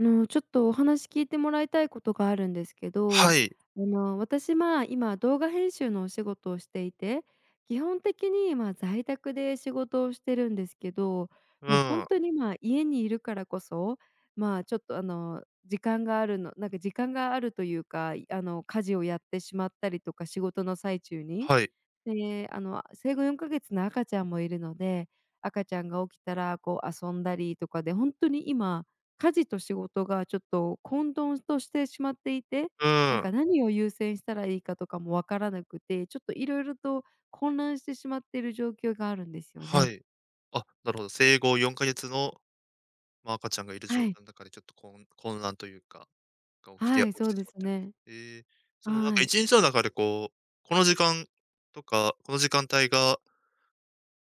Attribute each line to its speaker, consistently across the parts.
Speaker 1: あの、ちょっと、お話聞いてもらいたいことがあるんですけ
Speaker 2: は
Speaker 1: ど。
Speaker 2: い。
Speaker 1: あの、私、まあ、今動画編集のお仕事をしていて、基本的に、ま、在宅で仕事をしてるんですけど、
Speaker 2: う
Speaker 1: もう、
Speaker 2: ー
Speaker 1: 本
Speaker 2: ん。
Speaker 1: 当に今家にいるからこそ、ま、ちょっと、あの、時間があるの、なんか、時間があるというか、いあの、家事をやってしまったりとか仕事の最中に。
Speaker 2: はい。
Speaker 1: で、あの、あ、生後4か月の赤ちゃんもいるので、赤ちゃんが起きたら、こう、遊んだりとかで本当に今家事と仕事が、ちょっと、混沌としてしまっていて、
Speaker 2: う
Speaker 1: な
Speaker 2: ー
Speaker 1: ん
Speaker 2: ん。
Speaker 1: か、何を優先したらいいかとかも分からなくて、ちょっと、色々と混乱してしまっている状況があるんですよ
Speaker 2: は
Speaker 1: ね。
Speaker 2: い。あ、なるほど、生後4か月の、ま、赤ちゃんがいる
Speaker 1: は
Speaker 2: 状
Speaker 1: い。
Speaker 2: 態の中で、ちょっと、こう、ん、混乱というか、が起きて
Speaker 1: は
Speaker 2: や
Speaker 1: い、
Speaker 2: 起
Speaker 1: そ
Speaker 2: き
Speaker 1: う
Speaker 2: て
Speaker 1: で
Speaker 2: しまっ
Speaker 1: す
Speaker 2: てる。
Speaker 1: ね。
Speaker 2: へえ。その、なん
Speaker 1: は
Speaker 2: か、い
Speaker 1: い。
Speaker 2: ちにちの中で、こう、この時間とか、この時間帯が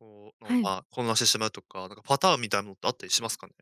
Speaker 2: こう、の、
Speaker 1: はい。
Speaker 2: ま、混乱してしまうとか、なんか、パターンみたいなのってあったりしますかね？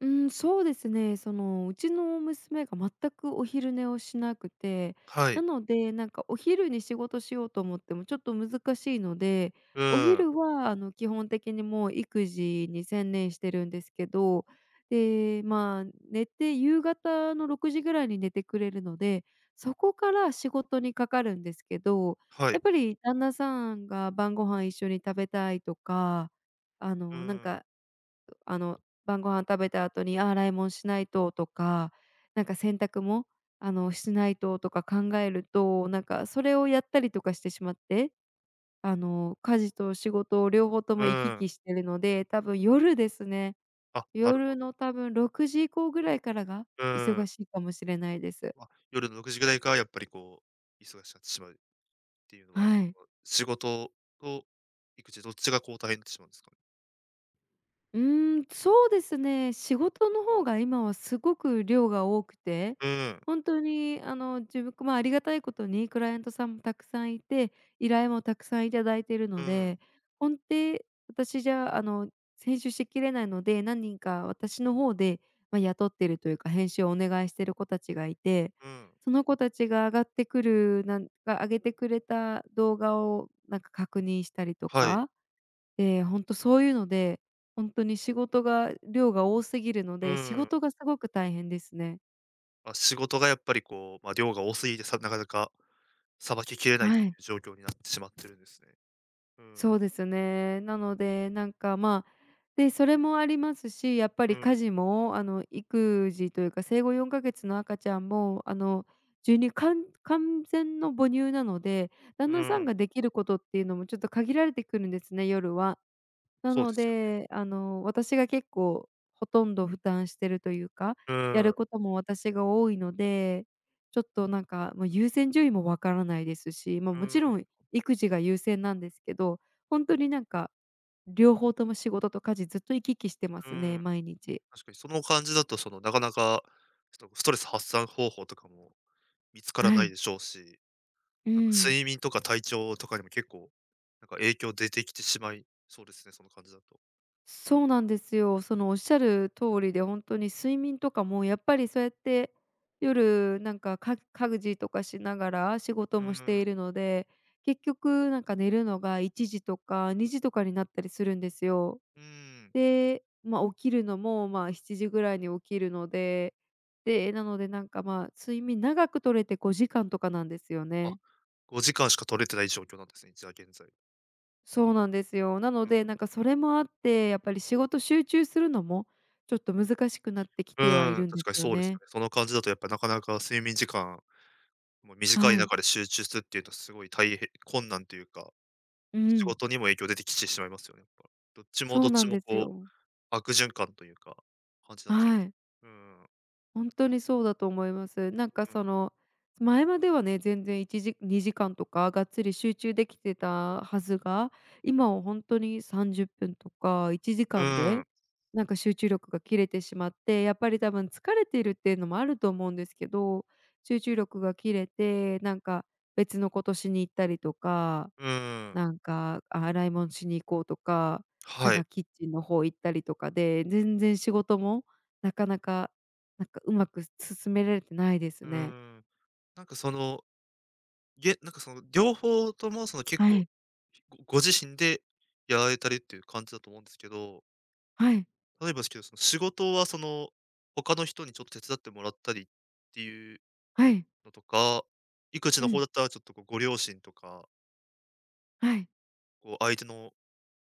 Speaker 1: うん、そうですね。その、うちの娘が全くお昼寝をしなくて、
Speaker 2: は
Speaker 1: な
Speaker 2: い。
Speaker 1: ので、なんか、お昼に仕事しようと思ってもちょっと難しいので、
Speaker 2: う
Speaker 1: お
Speaker 2: ーん。
Speaker 1: 昼は、あの、基本的に、もう、育児に専念してるんですけど。で、まあ、寝て夕方の6時ぐらいに寝てくれるので、そこから仕事にかかるんですけど、
Speaker 2: は
Speaker 1: やっ
Speaker 2: い。
Speaker 1: ぱり旦那さんが晩ご飯一緒に食べたいとか、あ
Speaker 2: う
Speaker 1: の、なん
Speaker 2: ーん。
Speaker 1: か、あの、晩御飯食べた後に、あ、洗い物しないととか、なんか、洗濯も、あの、しないととか考えると、なんか、それをやったりとかしてしまって、あの、家事と仕事を両方と
Speaker 2: う
Speaker 1: も行き
Speaker 2: ーん。
Speaker 1: 来しているので、多分夜ですね。
Speaker 2: あ、なるほ
Speaker 1: 夜
Speaker 2: ど。
Speaker 1: の多分6時以降ぐらいからが
Speaker 2: うー
Speaker 1: 忙
Speaker 2: ん。
Speaker 1: しいかもしれないです。
Speaker 2: あ、夜の6時ぐらいから、やっぱり、こう、忙しくなってしまうっていうのは、やっ
Speaker 1: はい。
Speaker 2: ぱり、仕事と育児、どっちが、こう、大変になってしまうんですか？
Speaker 1: うーん、そうですね。仕事の方が今はすごく量が多くて、
Speaker 2: うん。
Speaker 1: 本当にあの自分まあ、ありがたいことにクライアントさんもたくさんいて依頼もたくさんいただいてる
Speaker 2: う
Speaker 1: の
Speaker 2: ん。
Speaker 1: で、ほんて、私じゃあの、せんしゅしっきれないので、何人か私の方で、ま、雇ってるというか編集をお願いしている子たちがいて、
Speaker 2: うん。
Speaker 1: その子たちがあがってくるなんかあげてくれた動画をなんか確認したりと
Speaker 2: はい。
Speaker 1: か。え、ほんとそういうので、ほんとに仕事が量が多すぎるの
Speaker 2: う
Speaker 1: で、仕
Speaker 2: ーん。
Speaker 1: 事がすごく大変ですね。
Speaker 2: ま、仕事がやっぱりこう、ま、量が多すぎてさなかなかさばききれな
Speaker 1: あ、
Speaker 2: いって
Speaker 1: は
Speaker 2: い
Speaker 1: い。
Speaker 2: う状況になってしまってるんですね。うん。
Speaker 1: そうですね。なのでなんか、まあで、それもありますし、やっぱ
Speaker 2: う
Speaker 1: り家
Speaker 2: ん。
Speaker 1: 事もあの育児というか生後4か月の赤ちゃんもあの授乳かん完全の母乳なので、旦
Speaker 2: う
Speaker 1: 那さん
Speaker 2: ん。
Speaker 1: ができることっていうのもちょっと限られてくるんですね、夜は。な
Speaker 2: そう
Speaker 1: の
Speaker 2: ですよね。
Speaker 1: で、あの、私が結構ほとんど負担してるというか、
Speaker 2: う
Speaker 1: や
Speaker 2: ー
Speaker 1: る
Speaker 2: ん。
Speaker 1: ことも私が多いので、ちょっとなんかもう優先順位も分からないですし、ま、
Speaker 2: う
Speaker 1: もち
Speaker 2: ー
Speaker 1: ろ
Speaker 2: ん。
Speaker 1: ん育児が優先なんですけど、ほんとになんか両方とも仕事と家事ずっと行き来してま
Speaker 2: うー
Speaker 1: すね、
Speaker 2: ん。
Speaker 1: 毎日。
Speaker 2: 確かにその感じだと、そのなかなか、ちょっとストレス発散方法とかも見つから
Speaker 1: は
Speaker 2: ない
Speaker 1: い。
Speaker 2: でしょうし、
Speaker 1: う
Speaker 2: なんか、
Speaker 1: ん。
Speaker 2: 睡眠とか体調とかにも結構、なんか影響出てきてしまいそうですね、その感じだと...
Speaker 1: そうなんですよ。そのおっしゃる通りでほんとに睡眠とかもやっぱりそうやって、夜なんかか家事とかしながら仕事
Speaker 2: う
Speaker 1: もし
Speaker 2: ー
Speaker 1: て
Speaker 2: ん。
Speaker 1: いるので、結局なんか寝るのが1時とか2時とかになったりするんですよ。
Speaker 2: うーん。
Speaker 1: で、ま、起きるのもまあ7時ぐらいに起きるので、で、え、なのでなんかまあ睡眠長く取れて5時間とかなんですよ
Speaker 2: あ、
Speaker 1: ね。
Speaker 2: 5時間しか取れてない状況なんですね、じゃあ現在。
Speaker 1: そうなんですよ。な
Speaker 2: う
Speaker 1: ので
Speaker 2: ん。
Speaker 1: なんかそれもあって、やっぱり仕事集中するのもちょっと難しくなってき
Speaker 2: う
Speaker 1: てはい
Speaker 2: ーん、
Speaker 1: るんで
Speaker 2: 確
Speaker 1: す
Speaker 2: かに
Speaker 1: よ
Speaker 2: そうですよ
Speaker 1: ね。
Speaker 2: ね。その感じだとやっぱなかなか睡眠時間も短
Speaker 1: は
Speaker 2: い
Speaker 1: い。
Speaker 2: 中で集中するっていうとすごいたいへ困難というか、
Speaker 1: う
Speaker 2: 仕
Speaker 1: ん。
Speaker 2: 事にも影響出てきてしまいますよね、やっぱ。どっちも
Speaker 1: そ
Speaker 2: どっ
Speaker 1: うな
Speaker 2: ち
Speaker 1: ん
Speaker 2: も
Speaker 1: です
Speaker 2: こう
Speaker 1: よ。
Speaker 2: 悪循環というか、感じなっちゃいま
Speaker 1: は
Speaker 2: す。
Speaker 1: い。
Speaker 2: うーん。
Speaker 1: ほんとにそうだと思います。なんか
Speaker 2: うん。
Speaker 1: その前まではね全然1時2時間とかがっつり集中できてたはずが、今はほんとに30分とかいちじ
Speaker 2: う
Speaker 1: かん
Speaker 2: ん。
Speaker 1: で、なんか集中力が切れてしまって、やっぱり多分疲れてるっていうのもあると思うんですけど、集中力が切れてなんか別のことしに行ったりとか、
Speaker 2: うーん。
Speaker 1: なんか洗いもんしに行こうとか、なん
Speaker 2: はい。
Speaker 1: かキッチンの方行ったりとかで全然仕事もなかなかなんかうまく進められてないです
Speaker 2: うー
Speaker 1: ね。
Speaker 2: ん、なんかその、げなんかその両方とも、その結
Speaker 1: は
Speaker 2: 構、
Speaker 1: い。
Speaker 2: 結構ご自身でやられたりってゆう感じだと思うんですけど。
Speaker 1: はい。
Speaker 2: 例えばですけど、その仕事はその、他の人にちょっと手伝ってもらったりっていう
Speaker 1: はい。
Speaker 2: のとか、育児
Speaker 1: う
Speaker 2: の方
Speaker 1: ん。
Speaker 2: だったらちょっとこうご両親とか
Speaker 1: はい。
Speaker 2: こう相手の、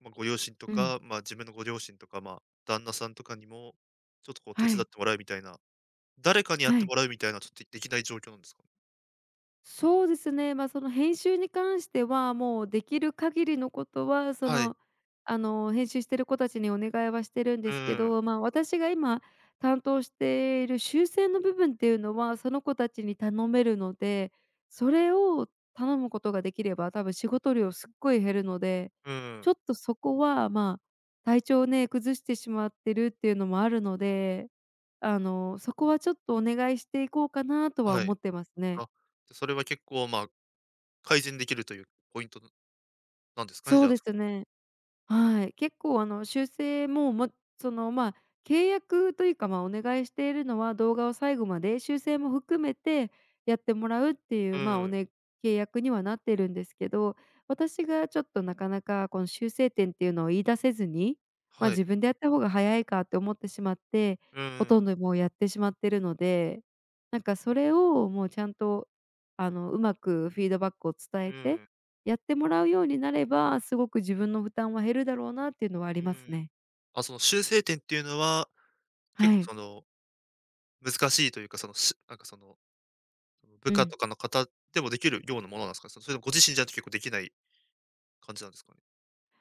Speaker 2: ま、ご両親と
Speaker 1: うん。
Speaker 2: か、まあ自分のご両親とか、ま、旦那さんとかにも、ちょっとこう手
Speaker 1: は
Speaker 2: 伝っ
Speaker 1: い。
Speaker 2: てもらうみたいな。誰かにやっ
Speaker 1: は
Speaker 2: て
Speaker 1: い。
Speaker 2: もらうみたいな、ちょっ、できない状況なんですか？
Speaker 1: そうですね。ま、その編集に関しては、もうできる限りのことはそ
Speaker 2: はい。
Speaker 1: の、あの編集している子たちにお願いはしてるんで
Speaker 2: うん
Speaker 1: すけ
Speaker 2: うん。
Speaker 1: ど、ま、私が今担当している修正の部分っていうのは、その子たちに頼めるので、それを頼むことができれば、多分仕事量すっごい減るので。
Speaker 2: うんう
Speaker 1: ちょ
Speaker 2: ん。
Speaker 1: っとそこはまあ、体調をね、崩してしまってるっていうのもあるので、あの、そこはちょっとお願いしていこうかなとは
Speaker 2: は
Speaker 1: 思
Speaker 2: い。
Speaker 1: ってますね。
Speaker 2: あ、じゃそれは結構まあ、改善できるというポイントなんなんですかね、
Speaker 1: そ
Speaker 2: じ
Speaker 1: う
Speaker 2: ゃあ
Speaker 1: で
Speaker 2: そ
Speaker 1: す
Speaker 2: の
Speaker 1: ね。はい。結構あの修正も、もっそのまあ契約というか、まあお願いしているのは、動画を最後まで修正も含めてやってもらうってい
Speaker 2: う
Speaker 1: う、まあお
Speaker 2: ん。
Speaker 1: ね契約にはなってるんですけど。私がちょっとなかなかこの修正点っていうのを言い出せずに、ま、
Speaker 2: はい。
Speaker 1: 自分でやった方が早いかって思ってしまって、
Speaker 2: うんう
Speaker 1: ほと
Speaker 2: ん。
Speaker 1: んどもうやってしまってるので。なんかそれを、もうちゃんと、あのうまくフィードバックを伝
Speaker 2: う
Speaker 1: えて、
Speaker 2: ん。
Speaker 1: やってもらうようになれば、すごく自分の負担は減るだろうなっていうのはあり
Speaker 2: うー
Speaker 1: ます
Speaker 2: ん、
Speaker 1: ね。
Speaker 2: あ、その修正点っていうのは、結
Speaker 1: は
Speaker 2: 構
Speaker 1: い。
Speaker 2: その、難しいというか、その、しなんかその、
Speaker 1: う
Speaker 2: 部下
Speaker 1: ん。
Speaker 2: とかの方でもできるようなものなんですか？それともご自身じゃないと結構できない感じなんですかね？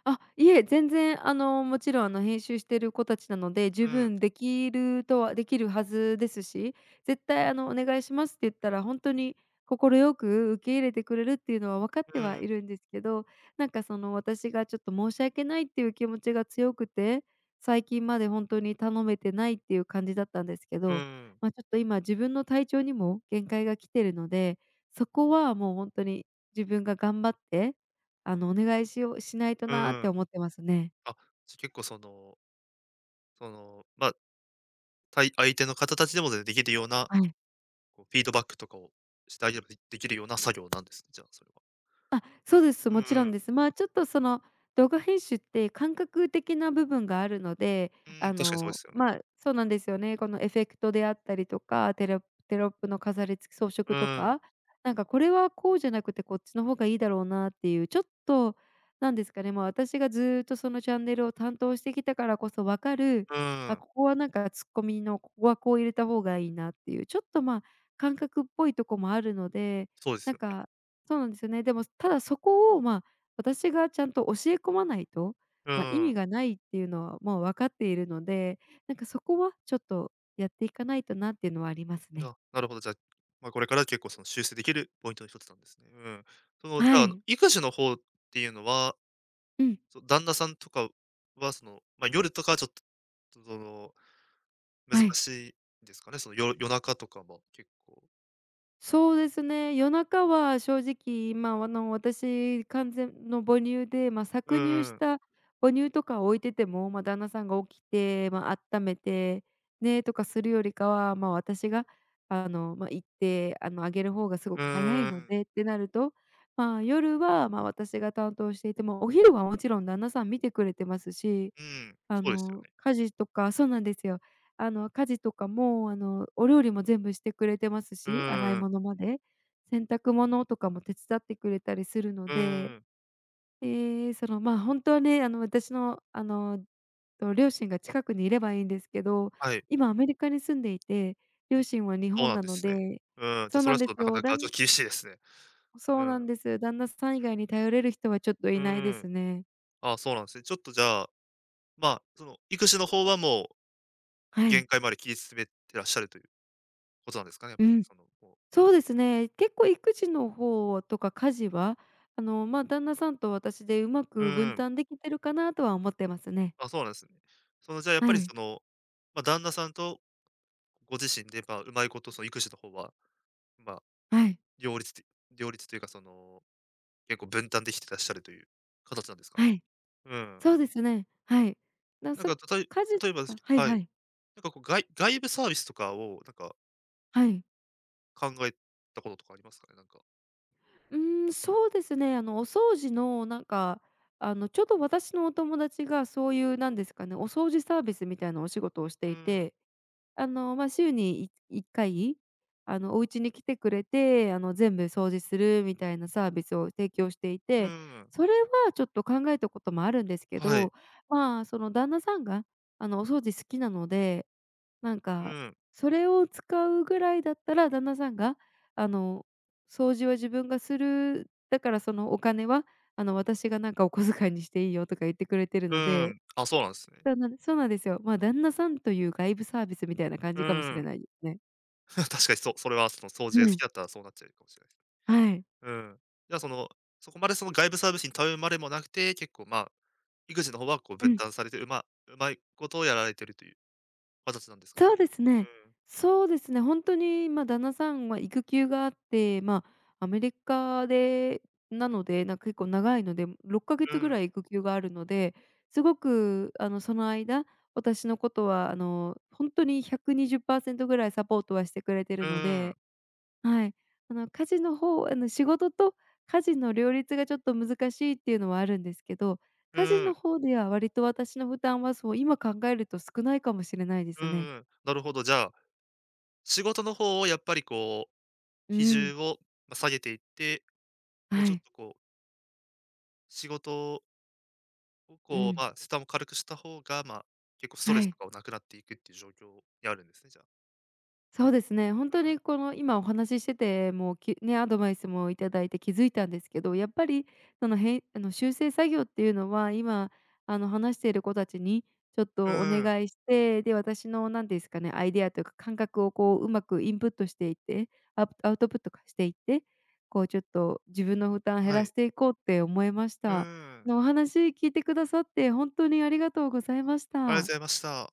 Speaker 1: あ、いえ、全然あのもちろんあの編集している子たちなので、十
Speaker 2: うん。
Speaker 1: 分できるとはできるはずですし、絶対あのお願いしますって言ったら本当に快く受け入れてくれるっていうのは分かって
Speaker 2: う
Speaker 1: はい
Speaker 2: ん。
Speaker 1: るんですけど、なんかその私がちょっと申し訳ないっていう気持ちが強くて、最近まで本当に頼めてないっていう感じだったんですけ
Speaker 2: う
Speaker 1: ど、
Speaker 2: ん。
Speaker 1: ま、ちょっと今自分の体調にも限界が来てるので、そこはもう本当に自分が頑張って、あのお願いしようしないと
Speaker 2: う
Speaker 1: なあって
Speaker 2: ん。
Speaker 1: 思ってますね。
Speaker 2: あ、じゃ、結構そのその、ま、たい相手の方たちでもでできるような、
Speaker 1: うん。
Speaker 2: こうフィードバックとかを [unintelligible] でできるような作業なんです、じゃあそれは。
Speaker 1: あ、そうです。
Speaker 2: う
Speaker 1: もちろん
Speaker 2: ん。
Speaker 1: です。まあちょっとその動画編集って感覚的な部分があるので、
Speaker 2: うー
Speaker 1: あ
Speaker 2: ん、確かにそうで
Speaker 1: の
Speaker 2: すよね。
Speaker 1: ま、そうなんですよね。このエフェクトであったりとかテロテロップの飾りつけ、装
Speaker 2: う
Speaker 1: 飾と
Speaker 2: ん。
Speaker 1: か。なんかこれはこうじゃなくてこっちの方がいいだろうなっていう、ちょっとなんですかね、ま、私がずっとそのチャンネルを担当してきたからこそ分かる、
Speaker 2: う
Speaker 1: あ、
Speaker 2: ん。
Speaker 1: ここはなんかツッコミのここはこう入れた方がいいなっていう、ちょっとまあ感覚っぽいとこもあるので、
Speaker 2: そうです
Speaker 1: なん
Speaker 2: よね。
Speaker 1: か、そうなんですよね。でもただそこを、ま、私がちゃんと教え込まないと、
Speaker 2: う
Speaker 1: ま、意
Speaker 2: ん。
Speaker 1: 味がないっていうのはもう分かっているので、なんかそこはちょっとやっていかないとなっていうのはありますね。
Speaker 2: あ、なるほど、じゃ、ま、これから結構その修正できるポイントの一つなんですね。うん。そのじ
Speaker 1: は
Speaker 2: ゃあ
Speaker 1: い。
Speaker 2: 育児の方っていうのは、
Speaker 1: うん。
Speaker 2: そう、旦那さんとかは、その、ま、夜とかはちょっと、その、難
Speaker 1: はい。
Speaker 2: しいですかね、そのよ夜中とかは、結構。
Speaker 1: そうですね、夜中は正直、ま、あの私完全の母乳で、まあ
Speaker 2: う
Speaker 1: 搾乳
Speaker 2: ん
Speaker 1: し
Speaker 2: うん。
Speaker 1: た母乳とかを置いてても、まあ旦那さんが起きて、ま、あっためてねとかするよりかは、まあ私が、あの、ま、行って、あの、あげる方がすご
Speaker 2: う
Speaker 1: く早い
Speaker 2: ー
Speaker 1: の
Speaker 2: ん。
Speaker 1: でってなると、まあ夜は、まあ私が担当していても、お昼はもちろん旦那さん見てくれてますし、
Speaker 2: うん、
Speaker 1: あ
Speaker 2: そうですよ
Speaker 1: の
Speaker 2: ね。
Speaker 1: 家事とかそうなんですよ。あの家事とかもうあのお料理も全部してくれてます
Speaker 2: う
Speaker 1: し、洗い
Speaker 2: ーん。
Speaker 1: 物まで。洗濯物とかも手伝ってくれたりするの
Speaker 2: う
Speaker 1: で。
Speaker 2: ーん。
Speaker 1: で、そのまあ、本当にあの、私のあの、と両親が近くにいればいいんですけど、
Speaker 2: はい。
Speaker 1: 今アメリカに住んでいて、両親は日
Speaker 2: そう
Speaker 1: 本
Speaker 2: なん
Speaker 1: な
Speaker 2: で
Speaker 1: の
Speaker 2: すね。
Speaker 1: で。
Speaker 2: うん、じ
Speaker 1: そ
Speaker 2: ゃ
Speaker 1: う
Speaker 2: そ
Speaker 1: な
Speaker 2: れ
Speaker 1: ん
Speaker 2: はち
Speaker 1: で
Speaker 2: ょっ
Speaker 1: す
Speaker 2: と、なか
Speaker 1: よ。
Speaker 2: な
Speaker 1: だ
Speaker 2: かちょっ
Speaker 1: ん
Speaker 2: と厳しいですね。
Speaker 1: そ
Speaker 2: う
Speaker 1: うな
Speaker 2: ん。
Speaker 1: んです。旦那さん以外に頼れる人はちょっとい
Speaker 2: う
Speaker 1: ないで
Speaker 2: ーん。
Speaker 1: すね。
Speaker 2: あ、そうなんですね。ちょっとじゃあ、ま、その育児の方はもう、
Speaker 1: はい。
Speaker 2: 限界まで切り詰めてらっしゃるという、ことなんですかね、
Speaker 1: うん。
Speaker 2: そのこう
Speaker 1: そうですね。結構育児の方とか家事は、あの、ま、旦那さんと私でうま
Speaker 2: う
Speaker 1: く
Speaker 2: ー
Speaker 1: 分
Speaker 2: ん。
Speaker 1: 担できてるかなとは思ってますね。
Speaker 2: あ、そうなんですね。そのじゃあやっ
Speaker 1: は
Speaker 2: ぱり
Speaker 1: い。
Speaker 2: その、ま、旦那さんとご自身で、まあうまいこと、その育児の方は、まあ
Speaker 1: はい。
Speaker 2: 両立って両立というかその、結構分担できてらっしゃるという形なんですか
Speaker 1: は
Speaker 2: ね。
Speaker 1: い。
Speaker 2: うん。
Speaker 1: そうですね。はい。だ、
Speaker 2: なん
Speaker 1: そ、
Speaker 2: か、たとえ
Speaker 1: 家事
Speaker 2: 例えば
Speaker 1: と
Speaker 2: です
Speaker 1: か
Speaker 2: け
Speaker 1: はい
Speaker 2: は
Speaker 1: は
Speaker 2: い、
Speaker 1: い。
Speaker 2: なんかこうがい外部サービスとかを、なんか
Speaker 1: はい。
Speaker 2: 考えたこととかありますかね？なんか。
Speaker 1: うーん、そうですね、あの、お掃除のなんか、あの、ちょうど私のお友達がそういうなんですかね、お掃除サービスみたいなお仕事をし
Speaker 2: う
Speaker 1: て
Speaker 2: ー
Speaker 1: い
Speaker 2: ん。
Speaker 1: て、あの、ま、週に、い1回、あの、お家に来てくれて、あの、全部掃除するみたいなサービスを提供してい
Speaker 2: ふ
Speaker 1: て、
Speaker 2: ーん。
Speaker 1: それはちょっと考えたこともあるんですけ
Speaker 2: はい。
Speaker 1: ど。まあ、その旦那さんが、あの、お掃除好きなので、なん
Speaker 2: う
Speaker 1: か、
Speaker 2: ん。
Speaker 1: それを使うぐらいだったら、旦那さんが、あの「掃除は自分がする、だからそのお金は、あの、私がなんかお小遣いにしていいよ」とか言ってくれてる
Speaker 2: う
Speaker 1: の
Speaker 2: ー
Speaker 1: で。
Speaker 2: ん、あ、そうなんですね。
Speaker 1: 旦那そうなんですよ。まあ、旦那さんという外部サービスみたいな感
Speaker 2: う
Speaker 1: じかもし
Speaker 2: ー
Speaker 1: れ
Speaker 2: ん。
Speaker 1: ないですね。
Speaker 2: 確かにそう、それはその掃除
Speaker 1: う
Speaker 2: が好き
Speaker 1: ん。
Speaker 2: だったら、そうなっちゃうかもしれないです。
Speaker 1: はい。
Speaker 2: うーん、じゃあ、その、そこまでその外部サービスに頼るまでもなくて、結構まあ、育児の方はこう
Speaker 1: う
Speaker 2: 分
Speaker 1: ん。
Speaker 2: 担されて、うまうまいことやられているという、形なんですか。
Speaker 1: そうです
Speaker 2: う
Speaker 1: ね。
Speaker 2: ーん。
Speaker 1: そうですね。ほんとに、ま、旦那さん、ま、育休があって、まあ、アメリカでなので、な、結構長いので、ろっかげ
Speaker 2: う
Speaker 1: つぐ
Speaker 2: ー
Speaker 1: ら
Speaker 2: ん。
Speaker 1: い育休があるので、すごくあの、その間、私のことはあの、ほんとに120％ぐらいサポートはしてくれてい
Speaker 2: う
Speaker 1: るの
Speaker 2: ーん。
Speaker 1: で。はい。あの家事の方はあの、仕事と家事の両立がちょっと難しいっていうのはあるんですけど、
Speaker 2: う
Speaker 1: 家事
Speaker 2: ー
Speaker 1: の
Speaker 2: ん。
Speaker 1: 方では割と私の負担はそう、今考えると、少ないかもしれないで
Speaker 2: う
Speaker 1: すね。
Speaker 2: ーん。なるほど、じゃあ、仕事の方をやっぱりこう、
Speaker 1: う
Speaker 2: 比
Speaker 1: ん。
Speaker 2: 重を下げていって、もう
Speaker 1: は
Speaker 2: ちょっ
Speaker 1: い。
Speaker 2: とこう仕事を
Speaker 1: う
Speaker 2: こう、
Speaker 1: ん。
Speaker 2: まあ、負荷も軽くした方が、まあ、結構ストレ
Speaker 1: は
Speaker 2: ス
Speaker 1: い。
Speaker 2: とかもなくなっていくっていう状況にあるんですね、じゃ。
Speaker 1: そうですね。ほん
Speaker 2: う
Speaker 1: と
Speaker 2: ん。
Speaker 1: に、この今、お話ししてて、もうきね、アドバイスもいただいて気付いたんですけど、やっぱり、そのへいあの修正作業っていうのは、今あの話している子たちにちょっ
Speaker 2: う
Speaker 1: とお
Speaker 2: ーん。
Speaker 1: 願いして、で、私の何ていうすかね、アイデアというか、感覚をこう、うまくインプットしていって、アプアウトプットか、していって、こうちょっと自分の負担減
Speaker 2: は
Speaker 1: ら
Speaker 2: い。
Speaker 1: していこうって思えまし
Speaker 2: う
Speaker 1: た。あ
Speaker 2: ーん。
Speaker 1: の、お話聞いてくださって、ほんとにありがとうございまし
Speaker 2: ありがと
Speaker 1: た。
Speaker 2: ございました。